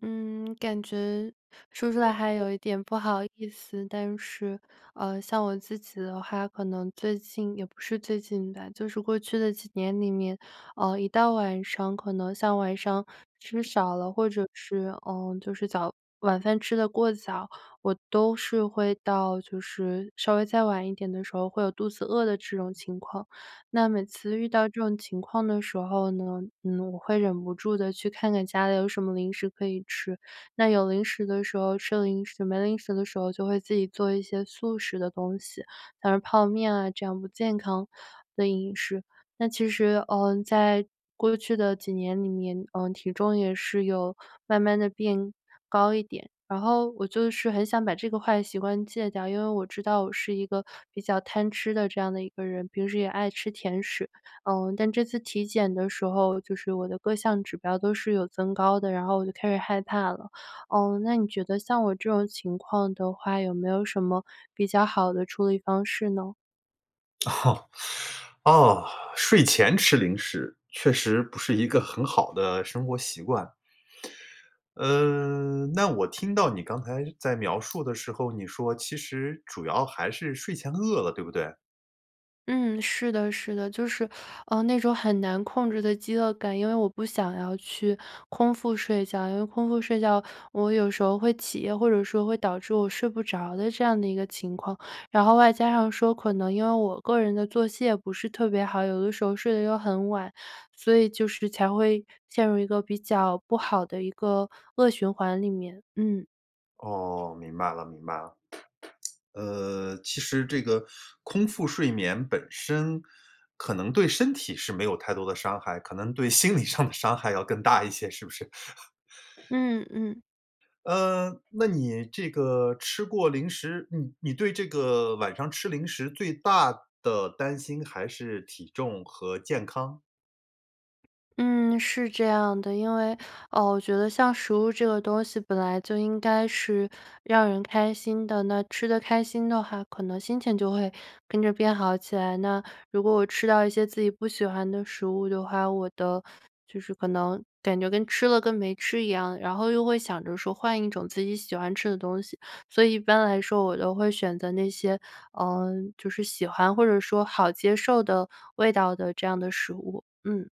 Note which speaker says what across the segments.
Speaker 1: 嗯，感觉说出来还
Speaker 2: [unintelligible]
Speaker 1: 有一点不好意思。但是，呃，像我自己的话可能最近也不是最近吧，就是过去的几年里面，呃，一到晚上，可能像晚上吃
Speaker 2: 嗯。
Speaker 1: 少了或者是，呃，就是早晚饭吃得过早，我都是会到就是稍微再晚一点的时候会有肚子饿的这种情况。那每次遇到这种情况的时候呢，嗯，我会忍不住地去看看家里有什么零食可以吃。那有零食的时候，吃零食，没零食的时候，就会自己做一些速食的东西，像是泡面啊，这样不健康的饮食。那其实，呃，在过去的几年里面，呃，体重也是有慢慢地变高一点。然后我就是很想把这个坏习惯戒掉，因为我知道我是一个比较贪吃的这样的一个人，平时也爱吃甜食。呃，但这次体检的时候，就是我的各项指标都是有增高的，然后我就开始害怕了。呃，那你觉得像我这种情况的话，有没有什么比较好的处理方式呢？
Speaker 2: 啊，睡前吃零食，确实不是一个很好的生活习惯。嗯，那我听到你刚才在描述的时候，你说其实主要还是睡前饿了对不对？
Speaker 1: 嗯，是的是的，就是，呃，那种很难控制的饥饿感，因为我不想要去空腹睡觉，因为空腹睡觉我有时候会起夜或者说会导致我睡不着的这样的一个情况，然后外加上说可能因为我个人的作息也不是特别好，有的时候睡得又很晚，所以就是才会陷入一个比较不好的一个恶循环里面，嗯。
Speaker 2: 哦，明白了，明白了。呃，其实这个，空腹睡眠本身，可能对身体是没有太多的伤害，可能对心理上的伤害要更大一些是不是？
Speaker 1: 嗯嗯。
Speaker 2: 嗯，那你这个吃过零食，你你对这个晚上吃零食最大的担心还是体重和健康？
Speaker 1: 嗯，是这样的。因为，呃，我觉得像食物这个东西，本来就应该是让人开心的。那吃得开心的话，可能心情就会跟着变好起来。那，如果我吃到一些自己不喜欢的食物的话，我的就是可能感觉跟吃了跟没吃一样，然后又会想着说换一种自己喜欢吃的东西。所以一般来说我都会选择那些，呃，就是喜欢或者说好接受的味道的这样的食物。嗯。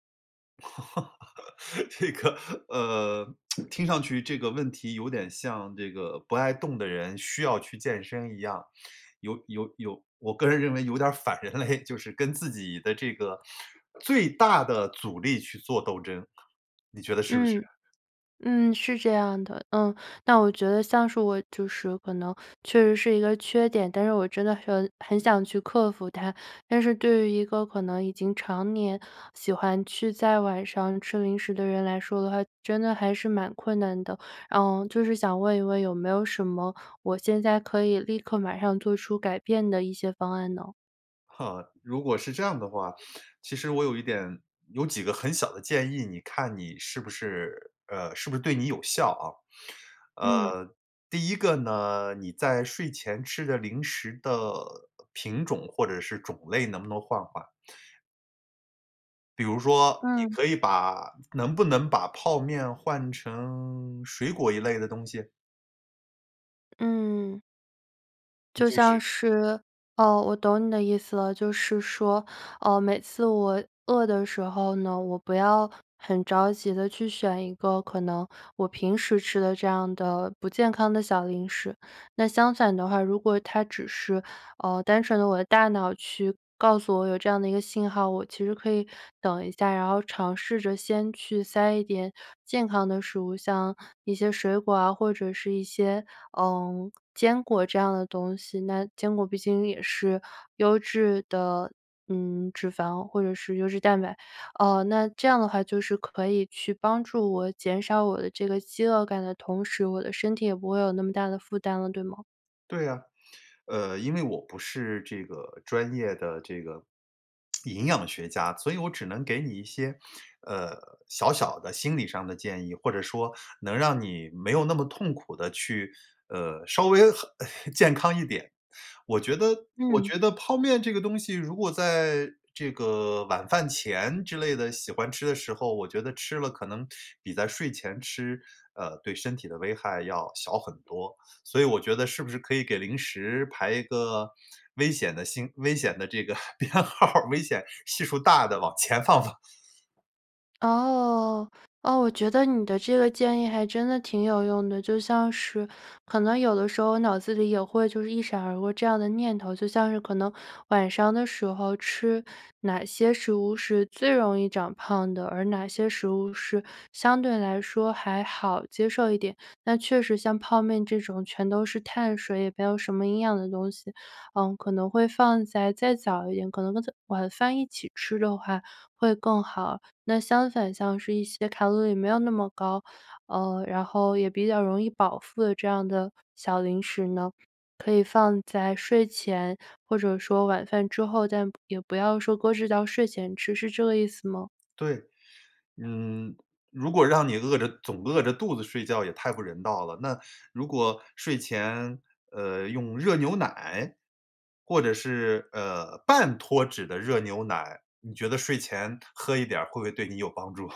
Speaker 2: 这个，呃，听上去这个问题有点像这个不爱动的人需要去健身一样，有有有我个人认为有点儿反人类，就是跟自己的这个最大的阻力去做斗争。你觉得是不是？
Speaker 1: 嗯。嗯，是这样的，呃，那我觉得像是我就是可能确实是一个缺点，但是我真的说很想去克服它。但是对于一个可能已经常年喜欢去在晚上吃零食的人来说的话，真的还是蛮困难的。嗯，就是想问一问有没有什么我现在可以立刻马上做出改变的一些方案呢？
Speaker 2: 哈，如果是这样的话，其实我有一点，有几个很小的建议你看你是不是呃，是不是对你有效啊。
Speaker 1: 嗯。
Speaker 2: 呃，第一个呢，你在睡前吃的零食的品种或者是种类能不能换换？比如说，你
Speaker 1: 嗯。
Speaker 2: 可以把能不能把泡面换成水果一类的东西？
Speaker 1: 嗯。就
Speaker 2: 就
Speaker 1: 像
Speaker 2: 是
Speaker 1: 是哦，我懂你的意思了，就是说，呃，每次我饿的时候呢，我不要很着急地去选一个可能我平时吃的这样的不健康的小零食。那相反的话，如果它只是，呃，单纯的我的大脑去告诉我有这样的一个信号，我其实可以等一下，然后尝试着先去塞一点健康的食物，像一些水果啊或者是一些，呃，坚果这样的东西，那坚果毕竟也是优质的，嗯，脂肪或者是优质蛋白，呃，那这样的话就是可以去帮助我减少我的这个饥饿感的同时，我的身体也不会有那么大的负担了，对吗？
Speaker 2: 对呀，呃，因为我不是这个专业的这个营养学家，所以我只能给你一些，呃，小小的心理上的建议，或者说，能让你没有那么痛苦地去，呃，稍微和 健康一点。我觉得我
Speaker 1: 嗯。
Speaker 2: 觉得泡面这个东西如果在这个晚饭前之类的喜欢吃的时候我觉得吃了可能比在睡前吃，呃，对身体的危害要小很多。所以我觉得是不是可以给零食排一个危险的星危险的这个编号，危险系数大的往前放放。
Speaker 1: 哦，哦，我觉得你的这个建议还真的挺有用的，就像是可能有的时候脑子里也会就是一闪而过这样的念头，就像是可能晚上的时候吃哪些食物是最容易长胖的，而哪些食物是相对来说还好接受一点。那确实像泡面这种全都是碳水，也没有什么营养的东西，呃，可能会放在再早一点，可能跟晚饭一起吃的话会更好，那相反像是一些卡路里没有那么高，呃，然后也比较容易饱腹的这样的小零食呢，可以放在睡前或者说晚饭之后，但也不要说搁置到睡前吃，是这个意思吗？
Speaker 2: 对，嗯，如果让你饿着总饿着肚子睡觉也太不人道了，那如果睡前，呃，用热牛奶，或者是，呃，半脱脂的热牛奶，你觉得睡前喝一点儿会不会对你有帮助？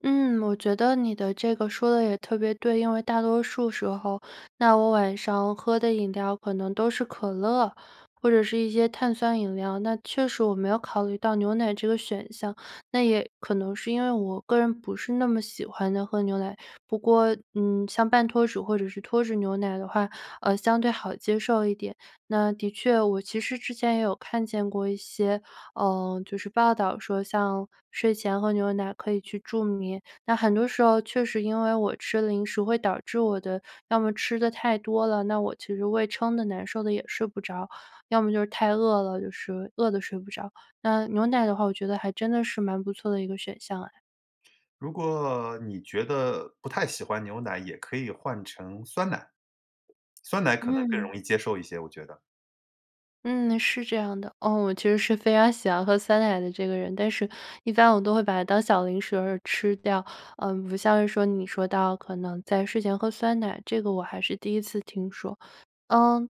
Speaker 1: 嗯，我觉得你的这个说得也特别对。因为大多数时候，那我晚上喝的饮料可能都是可乐，或者是一些碳酸饮料，那确实我没有考虑到牛奶这个选项。那也可能是因为我个人不是那么喜欢地喝牛奶。不过，嗯，像半脱脂或者是脱脂牛奶的话，呃，相对好接受一点。那的确我其实之前也有看见过一些，呃，就是报道说像睡前喝牛奶可以去助眠。那很多时候确实因为我吃零食会导致我的要么吃得太多了，那我其实胃撑得难受得也睡不着。要么就是太饿了，就是饿得睡不着。那牛奶的话，我觉得还真的是蛮不错的一个选项哎。
Speaker 2: 如果你觉得不太喜欢牛奶也可以换成酸奶。酸奶可能更
Speaker 1: 嗯。
Speaker 2: 容易接受一些，我觉得。
Speaker 1: 嗯，是这样的。嗯，我其实是非常喜欢喝酸奶的这个人，但是一般我都会把它当小零食然后吃掉。嗯，不像是说你说到可能在睡前喝酸奶，这个我还是第一次听说。呃，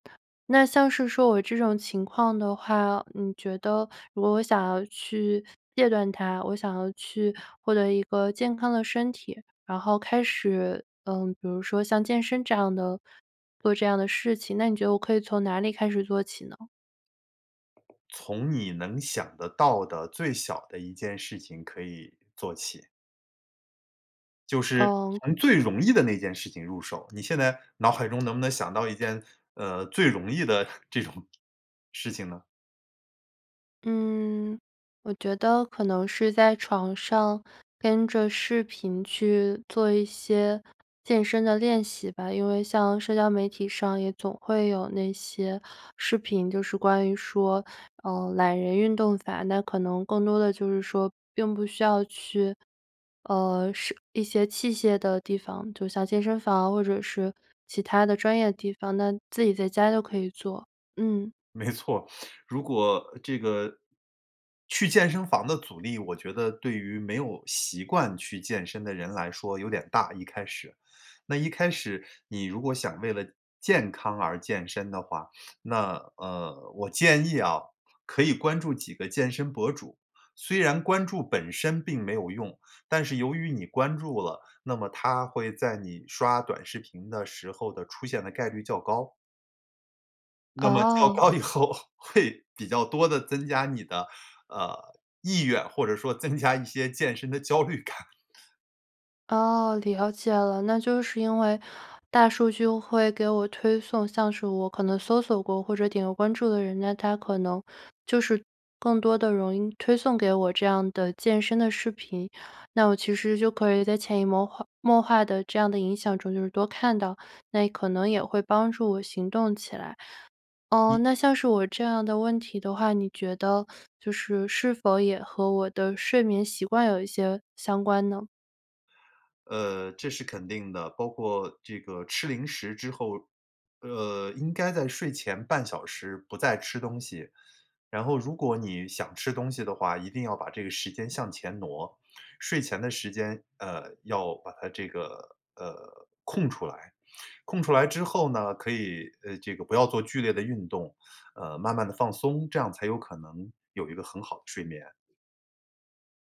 Speaker 1: 那像是说我这种情况的话，你觉得如果我想要去戒断它，我想要去获得一个健康的身体，然后开始，呃，比如说像健身这样的做这样的事情，那你觉得我可以从哪里开始做起呢？
Speaker 2: 从你能想得到的最小的一件事情可以做起。就是，
Speaker 1: 嗯。
Speaker 2: 从最容易的那件事情入手。你现在脑海中能不能想到一件，呃，最容易的这种事情呢？
Speaker 1: 嗯，我觉得可能是在床上，跟着视频去做一些健身的练习吧。因为像社交媒体上也总会有那些视频，就是关于说，呃，懒人运动法，那可能更多的就是说并不需要去，呃，社一些器械的地方，就像健身房或者是其他的专业地方，那自己在家就可以做，嗯。
Speaker 2: 没错，如果这个去健身房的阻力我觉得对于没有习惯去健身的人来说有点大，一开始。那一开始，你如果想为了健康而健身的话，那，呃，我建议啊，可以关注几个健身博主。虽然关注本身并没有用，但是由于你关注了，那么他会在你刷短视频的时候的出现的概率较高。那么较
Speaker 1: 哦。
Speaker 2: 高以后，会比较多地增加你的，呃，意愿或者说增加一些健身的焦虑感。
Speaker 1: 哦，了解了，那就是因为大数据会给我推送，像是我可能搜索过或者点过关注的人，那它可能就是更多地容易推送给我这样的健身的视频，那我其实就可以在潜移默化默化的这样的影响中就是多看到，那可能也会帮助我行动起来。啊，
Speaker 2: 你
Speaker 1: 那像是我这样的问题的话，你觉得就是是否也和我的睡眠习惯有一些相关呢？
Speaker 2: 呃，这是肯定的，包括这个吃零食之后，呃，应该在睡前半小时不再吃东西，然后如果你想吃东西的话一定要把这个时间向前挪，睡前的时间，呃，要把它这个，呃，空出来。空出来之后呢可以，呃这个不要做剧烈的运动，呃，慢慢地放松，这样才有可能有一个很好的睡眠。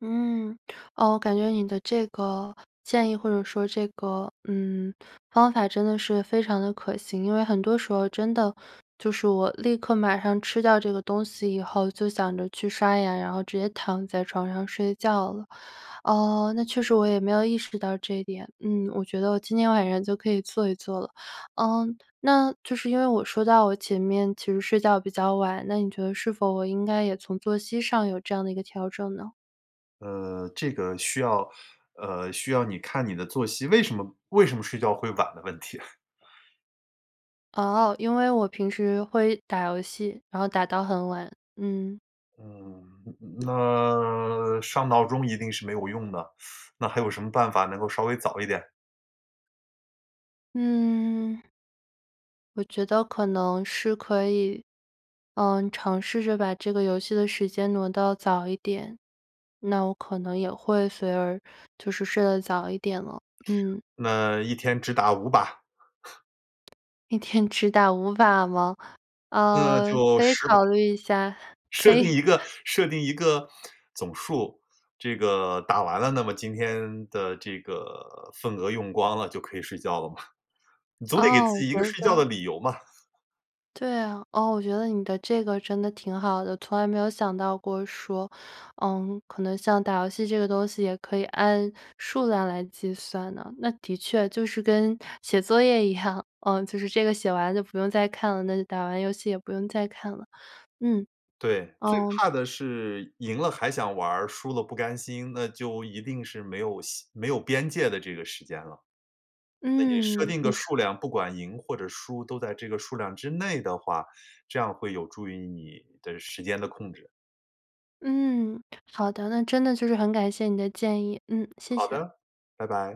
Speaker 1: 嗯。哦，我感觉你的这个，建议或者说这个，嗯，方法真的是非常地可行。因为很多时候真的，就是我立刻马上吃掉这个东西以后就想着去刷牙，然后直接躺在床上睡觉了。呃，那确实我也没有意识到这一点。嗯，我觉得我今天晚上就可以做一做了。呃，那就是因为我说到我前面其实睡觉比较晚，那你觉得是否我应该也从作息上有这样的一个调整呢？
Speaker 2: 呃，这个需要呃，需要你看你的作息，为什么为什么睡觉会晚的问题。
Speaker 1: 哦，因为我平时会打游戏，然后打到很晚，嗯。
Speaker 2: 嗯，嗯那上闹钟一定是没有用的，那还有什么办法能够稍微早一点？
Speaker 1: 嗯。我觉得可能是可以，嗯，尝试着把这个游戏的时间挪到早一点。那我可能也会随而就是睡得早一点了，嗯。
Speaker 2: 那1天只打5把？
Speaker 1: 1天只打5把吗？
Speaker 2: 那
Speaker 1: 呃，
Speaker 2: 就
Speaker 1: 可以
Speaker 2: 10
Speaker 1: 考
Speaker 2: 把。
Speaker 1: 虑一下，
Speaker 2: 设
Speaker 1: 可
Speaker 2: 定
Speaker 1: 以。
Speaker 2: 一个 设定一个总数。这个打完了，那么今天的这个份额用光了，就可以睡觉了嘛。你总得给
Speaker 1: 哦。
Speaker 2: 自己一个睡觉的
Speaker 1: [unintelligible]
Speaker 2: 理由嘛。
Speaker 1: 对啊，哦，我觉得你的这个真的挺好的。从来没有想到过说，嗯，可能像打游戏这个东西也可以按数量来计算的。那的确就是跟写作业一样，呃，就是这个写完就不用再看了，那就打完游戏也不用再看了，嗯。
Speaker 2: 对，最
Speaker 1: 嗯。
Speaker 2: 怕的是赢了还想玩儿，输了不甘心。那就一定是没有希没有边界的这个时间了。那你设
Speaker 1: 嗯，
Speaker 2: 定的
Speaker 1: 你说
Speaker 2: 数量，不管赢或者输，都在这个数量之内的话，这样会有助于你的时间的控制。
Speaker 1: 嗯，好的，那真的就是很感谢你的建议。嗯，谢
Speaker 2: 好
Speaker 1: 谢。
Speaker 2: 的，拜拜。